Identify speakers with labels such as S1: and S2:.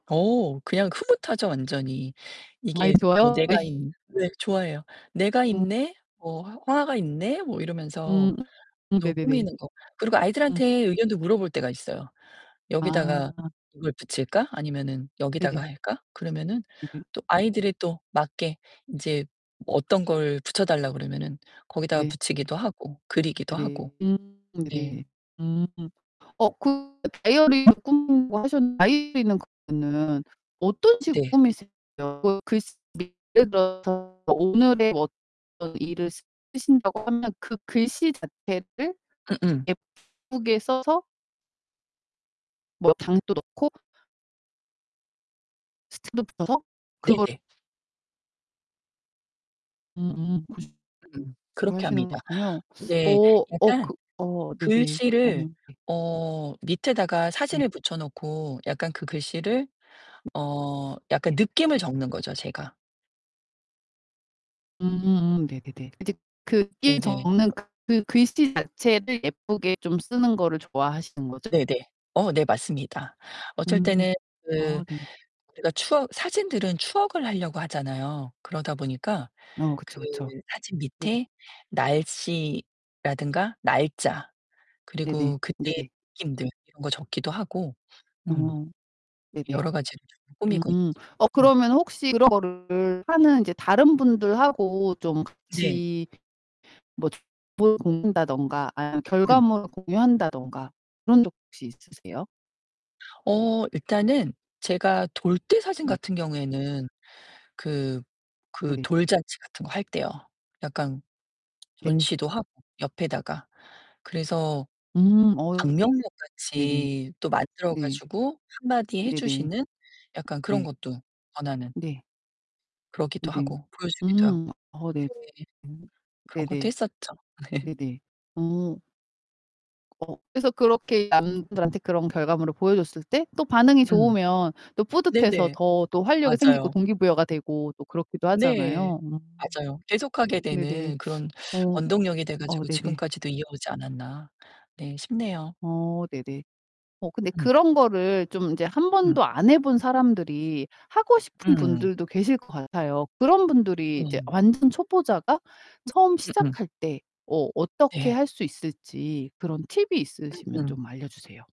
S1: 어 그냥 흐뭇하죠 완전히.
S2: 많이
S1: 이게 뭐
S2: 좋아요? 예.
S1: 내가 있 네 좋아해요. '내가
S2: 음.
S1: 있네?' 뭐 '화 화가 있네?' 뭐 이러면서
S2: 음. 음
S1: 너무
S2: 네네네.
S1: 꾸미는 거 그리고
S2: 음.
S1: 아이들한테 의견도 물어볼 때가 있어요. "여기다가
S2: 아.
S1: 이걸 붙일까 아니면은 여기다가
S2: 네네.
S1: 할까?" 그러면은
S2: 네네
S1: 또
S2: 네.
S1: 아이들에 또 맞게 인제 어떤 걸 붙여 달라 그러면은 거기다가
S2: 네.
S1: 붙이기도 하고 그리기도
S2: 네네.
S1: 하고
S2: 음. 네네네.
S1: 네.
S2: 음. 어 그 다이어리를 꾸미는 거 하셨 [unintelligible] 다이어리는 그러면은 어떤 식으로
S1: 네.
S2: 꾸미세요? 그 글씨 [unintelligible] 예를 들어서 오늘의 어떤 일을 쓰신다고 하면 그 글씨 자체를
S1: 음음.
S2: 예쁘게 써서 뭐 [unintelligible] 넣고 스티커도 붙여서 그걸
S1: 네네.
S2: 음음 그래서
S1: 음
S2: 그걸
S1: 그렇게
S2: 하시는
S1: 합니다.
S2: 거군요. 어,
S1: 네.
S2: 어
S1: 약간
S2: 그 어 네네. 어
S1: 글씨를
S2: 네.
S1: 어 밑에다가
S2: 네.
S1: 사진을 붙여 놓고 약간 그 글씨를 어 약간
S2: 네.
S1: 느낌을 적는 거죠, 제가.
S2: 음음 네네네. 인제
S1: 네네.
S2: [unintelligible]
S1: 그
S2: 그 글씨 자체를 예쁘게 좀 쓰는 거를 좋아하시는 거죠?
S1: 네네. 어 네 맞습니다. 어쩔
S2: 음
S1: 때는 그
S2: 아 네네.
S1: 제가 추억 사진들은 추억을 하려고 하잖아요. 그러다 보니까
S2: 어
S1: 그
S2: 그쵸, 그쵸.
S1: 사진
S2: 네네.
S1: 밑에 날씨라든가 날짜
S2: 네네.
S1: 그리고 그때
S2: 네네.
S1: 느낌들 이런 거 적기도 하고 음
S2: 어. 네네.
S1: 여러 가지를 조금 꾸미고
S2: 음
S1: 있죠.
S2: 어
S1: 음.
S2: 그러면 혹시 그런 거를 하는 이제 다른 분들하고 좀
S1: 네.
S2: 같이 뭐 [unintelligible] 다든가 아니면
S1: 음.
S2: 결과물을 공유한다든가 그런 적 혹시 있으세요?
S1: 어 일단은 제가 돌 때 사진
S2: 네.
S1: 같은 경우에는 그 그
S2: 네네.
S1: 돌잔치 같은 거 할 때요 약간
S2: 네.
S1: 전시도 하고 옆에다가 그래서
S2: 음 어.
S1: 방명록
S2: 네네.
S1: 같이 또 만들어
S2: 네.
S1: 가지고 1 마디 해
S2: 네네.
S1: 주시는 약간 그런
S2: 네.
S1: 것도 권하는
S2: 네.
S1: 그러기도
S2: 네네.
S1: 하고 보여 주기도 하고
S2: 음 어 네.
S1: 네.
S2: 음
S1: 그런 것도
S2: 네네.
S1: 했었죠.
S2: 네네. 어. 어 그래서 그렇게 남들한테 그런 결과물을 보여 줬을 때 또 반응이
S1: 음.
S2: 좋으면 또 뿌듯해서
S1: 네네.
S2: 더 또 활력이 생기고
S1: 맞아요.
S2: 동기부여가 되고 또 그렇기도
S1: 네.
S2: 하잖아요 음.
S1: 맞아요. '계속하게
S2: 네네.
S1: 되는 그런
S2: 어.
S1: 원동력이 돼
S2: 어
S1: 가지고
S2: 네네.
S1: 지금까지도 이어오지 않았나.' 네 싶네요.
S2: 어 네네. 어 근데
S1: 음.
S2: 그런 거를 좀 인제 1
S1: 음.
S2: 번도 안 해 본 사람들이 하고 싶은
S1: 음.
S2: 분들도 계실 것 같아요. 그런 분들이 이제
S1: 네.
S2: 완전 초보자가 처음
S1: 음음.
S2: 시작할 때 어 어떻게
S1: 네.
S2: 할 수 있을지 그런 팁이 있으시면
S1: 음음.
S2: 좀 알려 주세요.